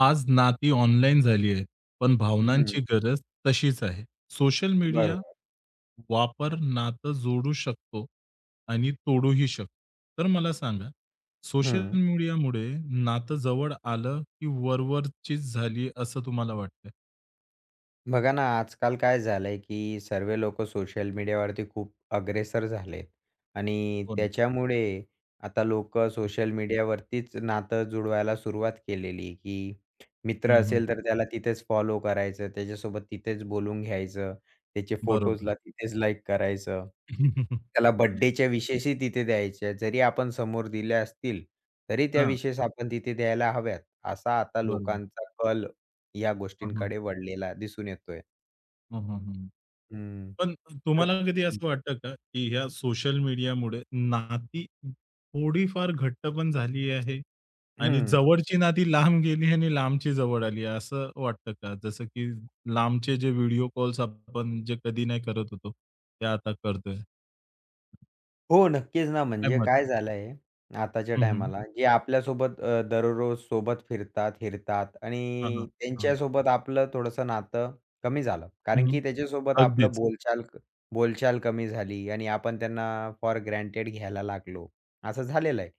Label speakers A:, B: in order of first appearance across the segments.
A: आज नाती ऑनलाईन झालीयेत, पण
B: हं.
A: भावनांची गरज तशीच आहे. सोशल मीडिया
B: बरोबर.
A: वापर नातं जोडू शकतो आणि तोडूही शकतो. तर मला सांगा, सोशल
B: हं.
A: मीडियामुळे नातं जवळ आलं, की वरवरचीच झाली, असं तुम्हाला वाटतंय?
B: बघा ना, आजकाल काय झालंय, की सर्वे लोकं सोशल मीडियावरती खूप अग्रेसर झालेत आणि
A: हो ना.
B: त्याच्यामुळे आता लोकं
A: हं.
B: सोशल मीडियावरतीच नातं जुळवायला सुरुवात केलेली, की मित्र
A: हं, हं.
B: असेल, तर त्याला तिथेच फॉलो करायचं. त्याच्यासोबत तिथेच बोलून घ्यायचं. त्याचे
A: बरोबर.
B: फोटोजला तिथेच लाईक करायचं. त्याला बर्थडेच्या विशेसही तिथे द्यायच्या. जरी आपण समोर दिल्या असतील, तरी त्या
A: हां.
B: विशेस आपण तिथे द्यायला हव्यात, असा आता
A: बरोबर.
B: लोकांचा कल या
A: हं, हं.
B: गोष्टींकडे वळलेला दिसून येतोय.
A: हं, हं, हं.
B: हं.
A: पण अ,
B: तर
A: तुम्हाला कधी
B: हं.
A: असं वाटतं का, की या सोशल मीडियामुळे, नाती थोडीफार घट्ट पण झाली आहे. आणि
B: हं.
A: जवळची नाती लांब गेली आणि लांबची जवळ आली आहे, असं वाटतं का? जसं की लांबचे जे व्हिडिओ कॉल्स आपण जे कधी नाही करत होतो, ते आता करतोय.
B: हो. नक्कीच ना.
A: क्या
B: म्हणजे
A: बात है.
B: काय झालंय आताच्या
A: हं, हं.
B: टाईमाला, की आपल्यासोबत अ, दररोजसोबत फिरतात, हीरतात
A: हां, हां.
B: आणि
A: हां.
B: त्यांच्यासोबत आपलं थोडंसं नातं कमी झालं. कारण,
A: हं.
B: की त्याच्यासोबत आपलं
A: अगदीच.
B: बोलचाल क बोलचाल कमी झाली आणि आपण त्यांना फोर ग्रँटेड घ्यायला लागलो. असं झालेलं आहे.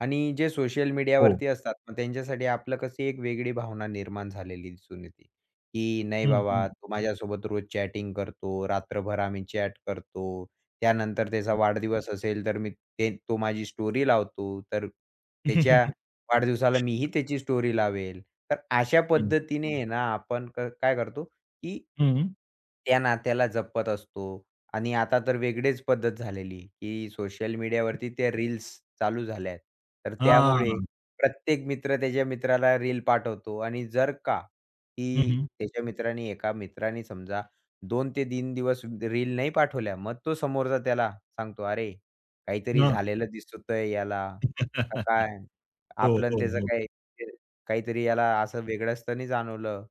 B: आणि जे सोशल
A: हो.
B: मीडियावरती असतात. मग त्यांच्यासाठी आपलं कशी एक वेगळी भावना निर्माण झालेली दिसून येते, की नाही
A: हं, हं.
B: बाबा तो माझ्यासोबत रोज चॅटिंग करतो. रात्रभर आम्ही चॅट करतो. त्यानंतर त्याचा वाढदिवस असेल, तर मी ते तो माझी स्टोरी लावतो. तर त्याच्या वाढदिवसाला मीही त्याची स्टोरी लावेल. तर अशा
A: हं.
B: पद्धतीने आहे ना, आपण क काय करतो, की
A: हं.
B: त्या नात्याला जपत असतो. आणि आता तर वेगळीच पद्धत झालेली, की सोशल मीडियावरती त्या रील्स चालू झाल्या आहेत. तर त्यामुळे
A: हां.
B: प्रत्येक मित्र त्याच्या मित्राला रील पाठवतो. आणि जर का
A: हं,
B: की
A: हं.
B: त्याच्या मित्रांनी एका मित्राने समजा 2 ते 3 दिवस रील नाही पाठवल्या, मग तो समोरचा त्याला सांगतो, अरे, काहीतरी
A: हां.
B: झालेलं दिसतंय याला, का काय.
A: हो,
B: आपलं आणि
A: हो,
B: त्याचं
A: हो.
B: काय म्हणजे काहीतरी याला असं वेगळं असताना जाणवलं,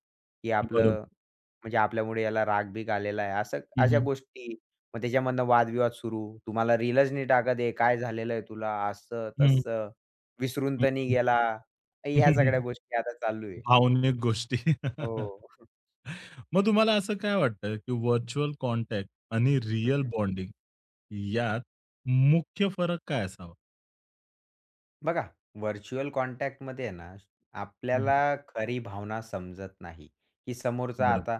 B: की आपलं
A: बरोबर.
B: म्हणजे आपल्यामुळे याला राग बिग आलेला आहे. असं
A: हं,
B: अशा
A: हं.
B: गोष्टी, मग त्याच्यामधनं वादविवाद सुरू. तू मला रिलंच नी टाकत आहे. काय झालेलंय तुला,
A: हं.
B: असं-तसं. विसरून
A: हं,
B: तर नाही
A: हं.
B: गेला. ह्या सगळ्या गोष्टी आता चालू आहे.
A: भावनिक गोष्टी.
B: हो.
A: मग तुम्हाला असं काय वाटतंय, की व्हर्चुअल कॉन्टॅक्ट आणि रिअल
B: हं.
A: बॉन्डिंग यात मुख्य फरक काय असावा?
B: बघा, व्हर्चुअल कॉन्टॅक्टमध्ये आहे ना,
A: हं, हं.
B: आपल्याला खरी भावना समजत नाही. की समोरचा,
A: बरोबर.
B: आता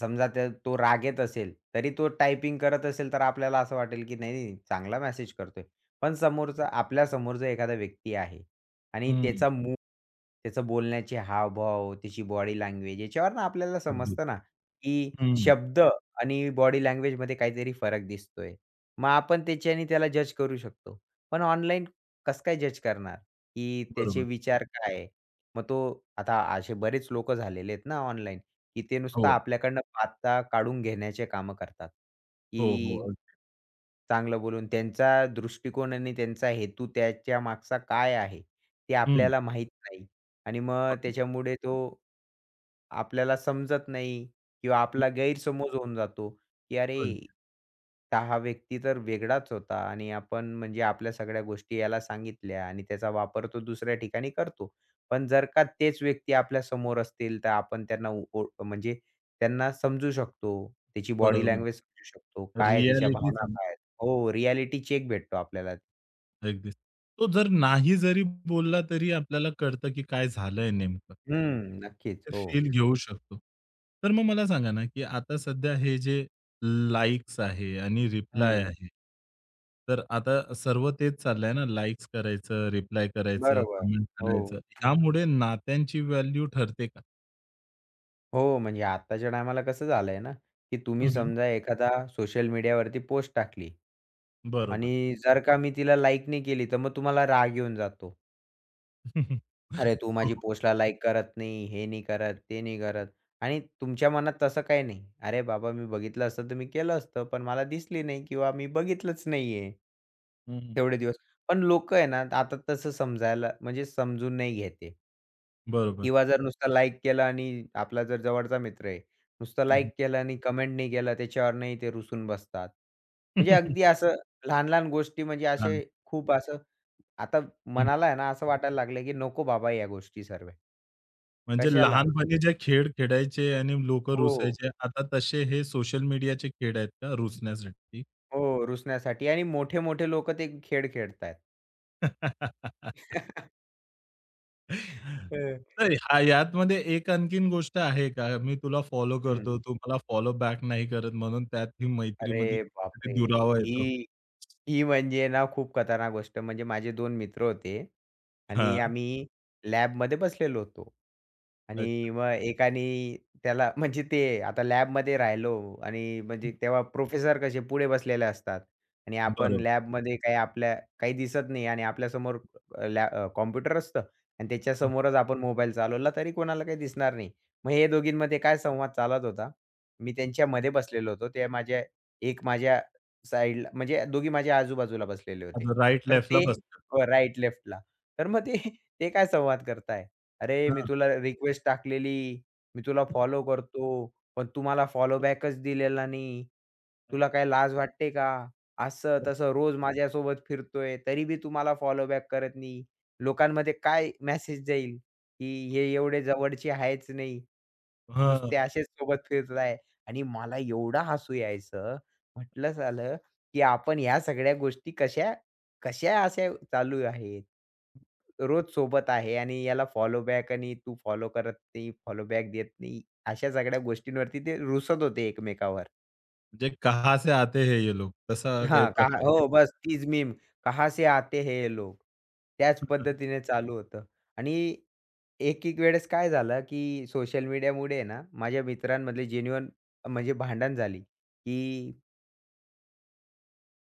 B: समजा ते तो रागेत असेल, तरी तो टायपिंग करत असेल, तर आपल्याला असं वाटेल, की नाही, नाही, नाही, चांगला मेसेज करतोय. पण समोरचा, आपल्या समोर एखादा व्यक्ती आहे आणि
A: हं.
B: त्याचं मूड, त्याचं बोलण्याचे हावभाव, त्याची बॉडी लँग्वेज, याच्यावरनं आपल्याला
A: अगदी.
B: समजतं ना, की
A: हं.
B: शब्द आणि बॉडी लँग्वेजमध्ये काहीतरी फरक दिसतोय. मग आपण त्याच्याने त्याला जज करू शकतो. पण ऑनलाइन कसं काय जज करणार, की त्याचे
A: बरोबर.
B: विचार काय? मग आता असे बरेच लोकं झालेले आहेत ना ऑनलाइन, की ते नुसतं
A: हो.
B: आपल्याकडनं बाता काढून घेण्याचे काम करतात.
A: हो, हो.
B: की,
A: अगदी.
B: चांगलं बोलून त्यांचा दृष्टिकोन आणि त्यांचा हेतू, त्याच्या मागचा काय आहे, ते
A: हं.
B: आपल्याला माहीत नाही. आणि मग त्याच्यामुळे तो आपल्याला समजत नाही किंवा आपला
A: हं.
B: गैरसमज होऊन जातो, की अरे,
A: अगदीच.
B: तर हा व्यक्ती तर वेगळाच होता आणि आपण म्हणजे आपल्या सगळ्या गोष्टी याला सांगितल्या आणि त्याचा वापर तो दुसऱ्या ठिकाणी करतो. पण जर का तेच व्यक्ती आपल्या समोर असतील, तर आपण त्यांना ओळ म्हणजे त्यांना समजू शकतो. त्याची बॉडी
A: बरोबर.
B: लँग्वेज समजू शकतो. काय आहे, त्याच्या
A: रिॲलिटी
B: भावना
A: सांग.
B: काय आहेत. हो, रिॲलिटी चेक भेटतो आपल्याला.
A: अगदीच तो जर नाही जरी बोलला तरी आपल्याला कळतं की काय झालंय नेमकं.
B: हं, नक्कीच,
A: ते
B: हो.
A: फील घेऊ शकतो. तर मग मला सांगा ना की आता सध्या हे जे लाइक्स आहे आणि रिप्लाय
B: हं.
A: आहे. तर आता सर्व तेच चाललंय ना, लाइक्स करायचं, रिप्लाय करायचं,
B: बरोबर,
A: कमेंट
B: हो.
A: करायचं. यामुळे नात्यांची व्हॅल्यू ठरते का?
B: हो म्हणजे आत्ताच्या टाईमाला कसं झालंय ना की
A: हं,
B: तुम्ही
A: हं.
B: समजा एखादा सोशल मीडियावरती पोस्ट टाकली
A: बरोबर.
B: आणि जर का मी तिला लाइक नाही केली तर मग तुम्हाला राग येऊन जातो. अरे, तू माझी
A: हो.
B: पोस्टला लाइक करत नाही, हे नाही करत, ते नाही करत आणि तुमच्या मनात तसं काही नाही. अरे, बाबा मी बघितलं असतं तर मी केलं असतं, पण मला दिसली नाही किंवा मी बघितलंच नाहीये.
A: हं, हं.
B: तेवढे दिवस पण लोकं आहे ना आता तसं समजायला म्हणजे समजून नाही घेत आहे.
A: बरोबर.
B: किंवा जर नुसता लाइक केलं आणि आपला जर जवळचा मित्र आहे. नुसतं लाइक केलं आणि कमेंट नाही केलं, त्याच्यावर नाही ते रुसून बसतात. म्हणजे अगदी असं लहान-लहान गोष्टी म्हणजे
A: हां.
B: असे खूप असं आता
A: हं.
B: मनाला आहे ना असं वाटायला लागलं की नको बाबा या गोष्टी सर्व्या
A: म्हणजे
B: कशाला?
A: लहानपणी जे खेळ खेळायचे आणि लोकं
B: हो, हो.
A: रूसायचे, आता तसे हे सोशल मीडियाचे खेळ आहेत का रूसण्यासाठी?
B: हो रूसण्यासाठी आणि मोठे-मोठे लोकं ते खेळ खेळतायेत. हं.
A: तर हा यातमध्ये एक आणखीन गोष्ट आहे का? मी तुला फॉलो करतो,
B: हं.
A: तू मला फॉलो बॅक नाही करत म्हणून त्यात ही मैत्रीमध्ये
B: अरे,
A: कधी
B: बापरे!
A: [unintelligible] दुरावा येतो.
B: ही ही म्हणजे ना, खूप खतरनाक गोष्ट. म्हणजे माझे 2 मित्र होते आणि
A: हां.
B: आम्ही लॅबमध्ये बसलेलो होतो आणि
A: अच्छा.
B: मग एकाने त्याला, म्हणजे ते आता लॅबमध्ये राहिलो आणि
A: हंं.
B: म्हणजे तेव्हा प्रोफेसर कसे पुढे बसलेले असतात आणि आपण
A: बरोब
B: लॅबमध्ये काही, आपल्या काही दिसत नाही आणि आपल्यासमोर अ, लॅ अ, कॉम्प्युटर असतं आणि
A: हंं.
B: त्याच्यासमोरच आपण मोबाईल चालवला, तरी कोणाला काही दिसणार नाही. मग हे दोघींमध्ये काय संवाद चालत होता. मी त्यांच्यामध्ये बसलेलो होतो. ते माझ्या एक माझ्या साइडला म्हणजे दोघी माझ्या आजूबाजूला बसलेले होते
A: आपल्या राइट,
B: तर
A: लेफ्टला
B: ते.
A: बसतात.
B: हो राइट, लेफ्टला. तर मग ते काय संवाद करतायत, अरे, मी
A: हां.
B: तुला रिक्वेस्ट टाकलेली. मी तुला फॉलो करतो, पण तू मला फॉलो बॅकच दिलेला नाही.
A: अरे
B: तुला काय
A: वाह!
B: लाज वाटते का?
A: बरोबर.
B: असं-तसं रोज माझ्यासोबत फिरतोय, तरी बी तू मला फॉलोबॅक करत नाही. लोकांमध्ये काय मेसेज जाईल, की हे एवढे जवळचे आहेच नाही.
A: हां,
B: नुसते
A: हां.
B: असेच सोबत फिरतायत आणि मला एवढं हसू यायचं. म्हटलं, सालं, की आपण ह्या सगळ्या गोष्टी कशा-कशा अशा चालू आहेत. रोज सोबत आहे आणि याला फॉलोबॅक आणि तू फॉलो करत नाही, फॉलो बॅक देत नाही. अशा सगळ्या गोष्टींवरती ते रुसत होते एकमेकांवर.
A: म्हणजे कहाँ से आते है ये लोग. तसा काही
B: हां. कारण
A: प्रकार आहे.
B: हो. बस तीच मीम, कहा से आते है लोग. त्याच
A: हं, हं.
B: पद्धतीने चालू होतं. आणि एक एक वेळेस काय झालं, की सोशल मीडियामुळे आहे ना माझ्या मित्रांमधले जेन्युइन म्हणजे भांडण झाली की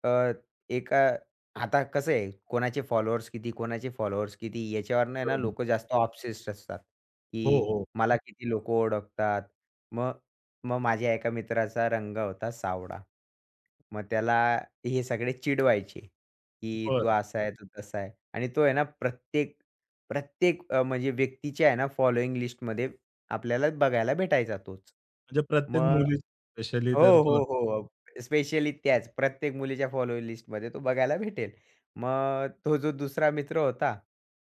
B: अ, एका आता कसं आहे, कोणाचे फॉलोवर्स किती, कोणाचे फॉलोवर्स किती, याच्यावरनं आहे ना
A: बरोबर.
B: लोकं जास्त ऑब्सेस्ड असतात,
A: हो,
B: की
A: हो.
B: मला किती लोकं ओळखतात. मग मग माझ्या एका मित्राचा रंग होता सावळा. मग त्याला हे सगळे चिडवायचे, की तू
A: बरं.
B: असा आहे, तू तसा आहे. आणि तो आहे ना प्रत्येक प्रत्येक अ, म्हणजे व्यक्तीच्या आहे ना फॉलोइंग लिस्टमध्ये आपल्याला बघायला भेटायचा तोच.
A: म्हणजे प्रत्येक
B: मग
A: मुली स्पेशली तर
B: हो,
A: तो
B: हो, हो. स्पेशली त्याच प्रत्येक मुलीच्या फॉलो लिस्टमध्ये तो बघायला भेटेल. मग तो जो दुसरा मित्र होता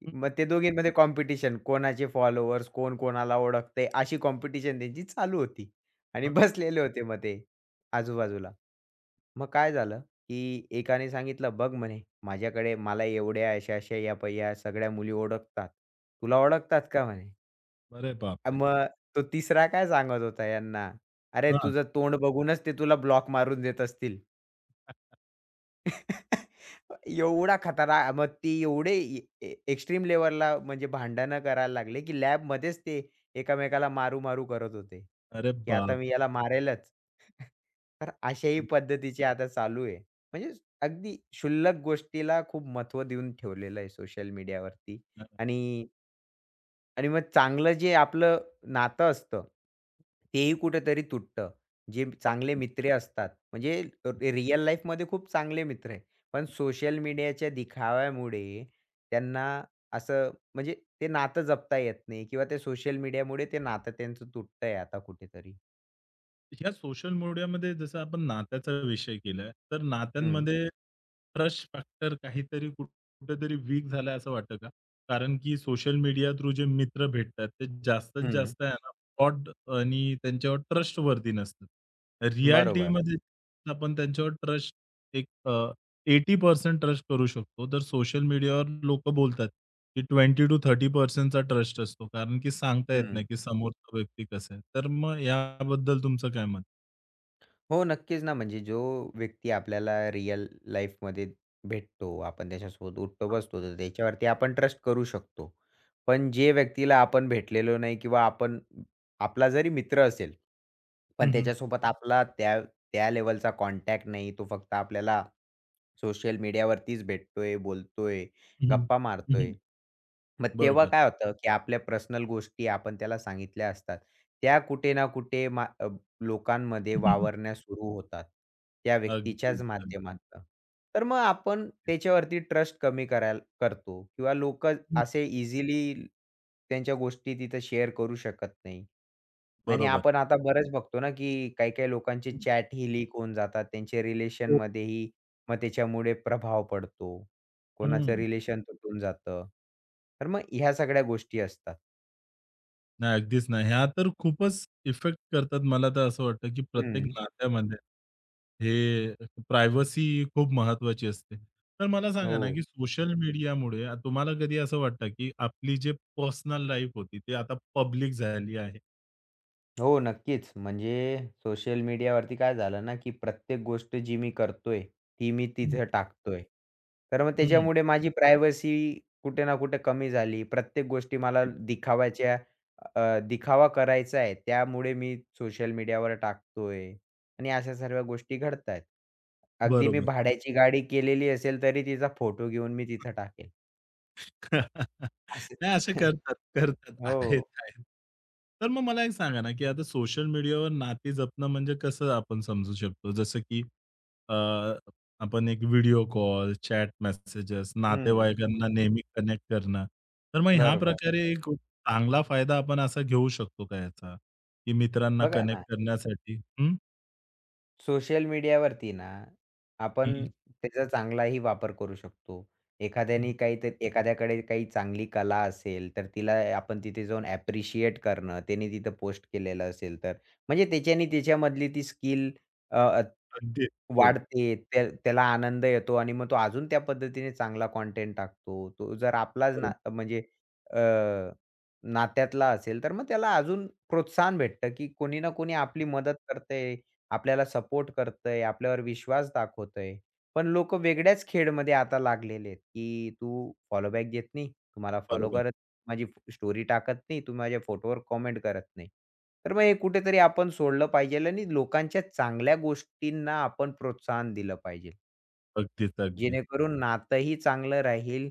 A: हं, हं.
B: मग ते दोघींमध्ये कॉम्पिटिशन, कोणाचे फॉलोवर्स, कोण कोणाला ओळखतंय, अशी कॉम्पिटिशन त्यांची चालू होती. आणि
A: हां.
B: बसलेले होते मग ते
A: हां.
B: आजूबाजूला. मग काय झालं, की एकाने सांगितलं, "बघ म्हणे माझ्याकडे मला एवढे अशा-अशा या पहा या सगळ्या मुली ओळखतात. तुला ओळखतात का म्हणे?"
A: अरे, बापरे!
B: मग, तो तिसरा काय सांगत होता हयाना? अरे,
A: हां.
B: तुझं तोंड बघूनच ते तुला ब्लॉक मारून देत असतील. एवढा खतरा मग ते एवढे ए ए एक्स्ट्रीम लेव्हलला म्हणजे भांडण करायला लागले, की लॅबमध्येच ते एकमेकाला मारू-मारू करत होते.
A: अरे
B: की आता
A: बाप
B: मी याला मारेलच. तर अशाही
A: [unintelligible]
B: पद्धतीची आता चालू आहे. म्हणजे, अगदी शुल्लक गोष्टीला खूप महत्त्व देऊन ठेवलेलं आहे सोशल मीडियावरती.
A: [unintelligible]
B: आणि आणि मग चांगलं जे आपलं नातं असतं, तेही कुठेतरी तुटतं. जे चांगले
A: [unintelligible]
B: मित्र असतात म्हणजे रिअल लाईफमध्ये खूप चांगले मित्र आहेत, पण सोशल मीडियाच्या दिखाव्यामुळे त्यांना असं म्हणजे ते नातं जपता येत नाही. किंवा ते सोशल मीडियामुळे ते नातं त्यांचं तुटतंय आता कुठेतरी.
A: या सोशल मीडियामध्ये, जसं आपण नात्याचा विषय केलाय, तर
B: हं.
A: नात्यांमध्ये ट्रस्ट फॅक्टर काहीतरी कुठ कुठेतरी वीक झालाय, असं वाटतं का? कारण, की सोशल मीडिया थ्रू जे मित्र भेटतात, ते जास्तीत
B: हं.
A: जास्त आहे ना फ्रॉड आणि त्यांच्यावर ट्रस्टवर्दी नसतं.
B: बरोबर.
A: रिॲलिटीमध्ये आपण त्यांच्यावर ट्रस्ट एक अ, 80% ट्रस्ट करू शकतो. तर सोशल मीडियावर लोकं बोलतात, की 20-30% ट्रस्ट असतो. कारण, की सांगता येत
B: हं.
A: नाही, की समोरचा व्यक्ती कसा आहे. तर मग याबद्दल तुमचं काय मत आहे?
B: हो, नक्कीच ना. म्हणजे जो व्यक्ती आपल्याला रिअल लाईफमध्ये भेटतो, आपण त्याच्यासोबत उठतो-बसतो, तर त्याच्यावरती आपण ट्रस्ट करू शकतो. पण जे व्यक्तीला आपण भेटलेलो नाही किंवा आपण आपला जरी मित्र असेल, पण
A: हं, हं.
B: त्याच्यासोबत आपला त्या त्या लेव्हलचा कॉन्टॅक्ट नाही. तो फक्त आपल्याला सोशल मीडियावरतीच भेटतोय, बोलतोय,
A: हं, हं.
B: गप्पा
A: हं,
B: मारतोय.
A: हं.
B: मग तेव्हा
A: बरोबर.
B: काय होतं, की आपल्या पर्सनल गोष्टी आपण त्याला सांगितल्या असतात. त्या कुठे ना कुठे मा अ, लोकांमध्ये वावरणे सुरू होतात, त्या
A: अगदी,
B: व्यक्तीच्याच
A: अगदी.
B: माध्यमातनं. तर मग आपण
A: अगदी.
B: त्याच्यावरती ट्रस्ट कमी करायला करतो किंवा लोक
A: हंं.
B: असे इझिली त्यांच्या गोष्टी तिथं शेअर करू शकत नाही. नाही, नाही,
A: बरोबर.
B: आपण आता बरेच बघतो ना, की काही काही लोकांचे
A: हंं.
B: चॅटही लीक होऊन जातात. त्यांचे
A: हो.
B: रिलेशनमध्येही मग त्याच्यामुळे प्रभाव पडतो. कोणाचं
A: हं.
B: रिलेशन तुटून जातं. तर मग ह्या सगळ्या गोष्टी असतात.
A: नाही. अगदीच नाही. ह्या तर खूपच इफेक्ट करतात. मला तर असं वाटतं, की प्रत्येक
B: हंं.
A: नात्यामध्ये, हे प्रायव्हसी खूप महत्त्वाची असते. तर मला सांगा ना,
B: हो.
A: की सोशल मीडियामुळे तुम्हाला कधी असं वाटतं, की आपली जी पर्सनल लाईफ होती, ती आता पब्लिक झाली आहे?
B: हो. नक्कीच, म्हणजे सोशल मीडियावरती काय झालं ना, की प्रत्येक गोष्ट जी मी करतोय ती मी
A: हं.
B: तिथं टाकतोय. तर मग
A: हं.
B: त्याच्यामुळे माझी प्रायव्हसी कुठे ना कुठे कमी झाली. प्रत्येक गोष्टी मला
A: [unintelligible]
B: दिखाव्याच्या अ, दिखावा करायचा आहे, त्यामुळे मी सोशल मीडियावर टाकतो आहे. आणि असं सर्व्या गोष्टी घडतात आहेत. अगदी मी
A: बरोबर.
B: भाड्याची गाडी केलेली असेल तरी तिचा फोटो घेऊन मी तिथं टाकेल. असं.
A: नाही असं करतात, करतात, आहेत,
B: हो.
A: आहेत. तर मग मला एक सांगा ना, की आता सोशल मीडियावर नाती जपणं म्हणजे कसं आपण समजू शकतो. जसं की अ, आपण एक व्हिडिओ कॉल, चॅट मेसेजेस,
B: हं.
A: नातेवाईकांना नेहमी कनेक्ट करणं. तर मग ह्या
B: बरोबर.
A: प्रकारे कुठ चांगला फायदा आपण असा घेऊ शकतो का याचा, की मित्रांना
B: बघा
A: कनेक्ट
B: ना.
A: करण्यासाठी? हं.
B: सोशल मीडियावरती ना, आपण
A: हं.
B: त्याचा चांगलाही वापर करू शकतो.
A: हं,
B: एखाद्याने
A: हं.
B: काही तर एखाद्याकडे काही चांगली कला असेल, तर तिला आपण तिथे जाऊन ॲप्रिशिएट करणं, त्याने तिथं पोस्ट केलेलं असेल तर. म्हणजे तेच्यानी त्याच्यामधली ती स्किल, अ,
A: अगदी. हो.
B: वाढते. त्या त्याला आनंद येतो आणि मग तो अजून त्या पद्धतीने चांगला कंटेंट टाकतो. तो जर आपलाच ना
A: बरोबर.
B: म्हणजे अ, नात्यातला असेल, तर मग त्याला अजून प्रोत्साहन भेटतं, की कोणी ना कोणी आपली मदत करतंय, आपल्याला सपोर्ट करतंय, आपल्यावर विश्वास दाखवतंय. पण लोक वेगळ्याच खेळमध्ये आता लागलेले आहेत, की तू फॉलो बॅक घेत नाही, तू मला फॉलो
A: बरोबर.
B: करत नाही, माझी स्टोरी टाकत नाही, तू माझ्या फोटोवर कमेंट करत नाही. तर मग हे कुठेतरी आपण सोडलं पाहिजे आणि लोकांच्या चांगल्या गोष्टींना आपण प्रोत्साहन दिलं पाहिजे.
A: अगदीच, अगदीच.
B: जेणेकरून नातंही चांगलं राहील,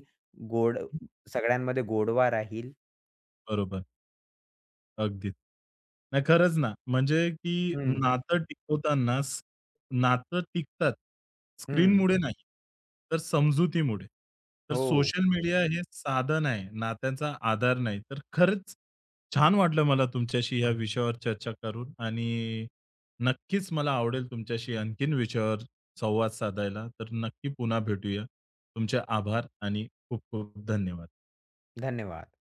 B: गोड सगळ्यांमध्ये गोडवा राहील.
A: बरोबर. अगदीच. नाही खरंच ना. म्हणजे की
B: हं.
A: नातं टिकवताना स नातं टिकतात
B: हं.
A: स्क्रीनमुळे नाही, तर समजुतीमुळे. तर
B: हो.
A: सोशल मीडिया हे साधन आहे, नात्याचा आधार नाही. तर खरंच छान वाटलं मला तुमच्याशी या विषयावर चर्चा करून आणि नक्कीच मला आवडेल तुमच्याशी आणखीन विषयावर संवाद साधायला. तर नक्की पुन्हा भेटूया. तुमचे आभार आणि खूप खूप धन्यवाद.
B: धन्यवाद.